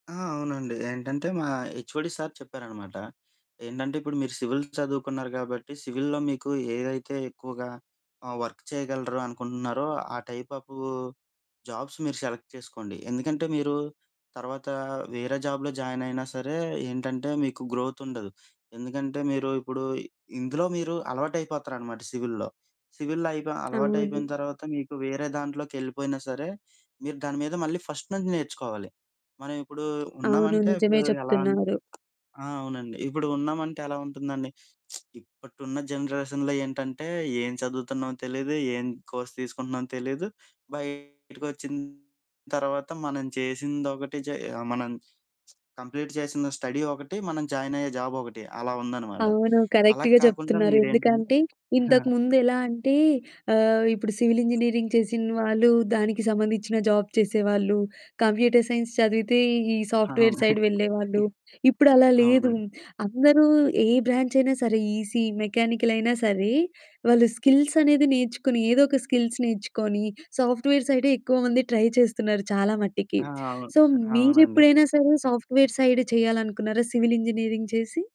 ఆ! అవునండి. ఏంటంటే మా హెచ్ఓడి సారు చెప్పారనమాట, ఏంటంటే ఇప్పుడు మీరు సివిల్ చదువుకున్నారు గాబట్టి, సివిల్‌లో మీకు ఏదైతే ఎక్కువగా ఆహ్, వర్క్ చేయగలరొ అనుకుంటున్నారో, ఆ టైప్ ఆఫ్ జాబ్స్ మీరు సెలెక్ట్ చేసుకోండి. ఎందుకంటే, మీరు తర్వాత వేరే జాబ్‌లో జాయినయినా సరే, ఏంటంటే మీకు గ్రోతుండదు. ఎందుకంటే, మీరు ఇప్పుడు ఇందులో మీరు అలవాటు అయిపోతారనమాట సివిల్‌లో. సివిల్‌లో అయిపోయ్ అలవాటు అయిపోయిన అవును. తర్వాత మీకు వేరే దాంట్లోకెళ్ళిపోయినా సరే, మీరు దాని మీద మళ్ళీ ఫస్ట్ నుంచి నేర్చుకోవాలి. మనం ఇప్పుడు అవును. ఉన్నామంటే, నిజమే ఇప్పుడు ఎలా చెప్తున్నారు. ఆ! అవునండి. ఇప్పుడు ఉన్నామంటే ఎలా ఉంటుందండి. ఇప్పుడున్న జనరేషన్‌లో ఏంటంటే, ఏం చదువుతున్నామో తెలీదు, ఏం కోర్స్ తీసుకుంటున్నామో తెలీదు, బయటికొచ్చిన తర్వాత మనం చేసింది ఒకటి, చేయ మనం కంప్లీట్ చేసిన స్టడీ ఒకటి, మనం జాయినయ్యే జాబొకటి అలా ఉందనమాట. అవును. అలా కరెక్ట్‌గా కాకుండా చెప్తున్నారు. మీరేంటం ఎందుకంటే ఆ! ఇంతకుముందు ఎలా అంటే, ఆహ్, ఇప్పుడు సివిల్ ఇంజనీరింగ్ చేసిన వాళ్ళు, దానికి సంబంధించిన జాబ్ చేసేవాళ్ళు. కంప్యూటర్ సైన్స్ చదివితే, ఈ సాఫ్ట్‌వేర్ అవును. సైడ్ వెళ్ళేవాళ్ళు. ఇప్పుడు అలా లేదు. అవునండి. అందరూ ఏ బ్రాంచయినా సరే, ఈసీ, మెకానికలయినా సరే, వాళ్ళు స్కిల్సనేది నేర్చుకుని, ఏదో ఒక స్కిల్స్ నేర్చుకొని సాఫ్ట్‌వేర్ సైడే ఎక్కువమంది ట్రై చేస్తున్నారు చాలా మట్టికి. ఆ! అవును. సో, అవునండి. మీరెప్పుడైనా సరే సాఫ్ట్‌వేర్ సైడ్ చేయాలనుకున్నారా, సివిల్ ఇంజినీరింగ్ చేసి?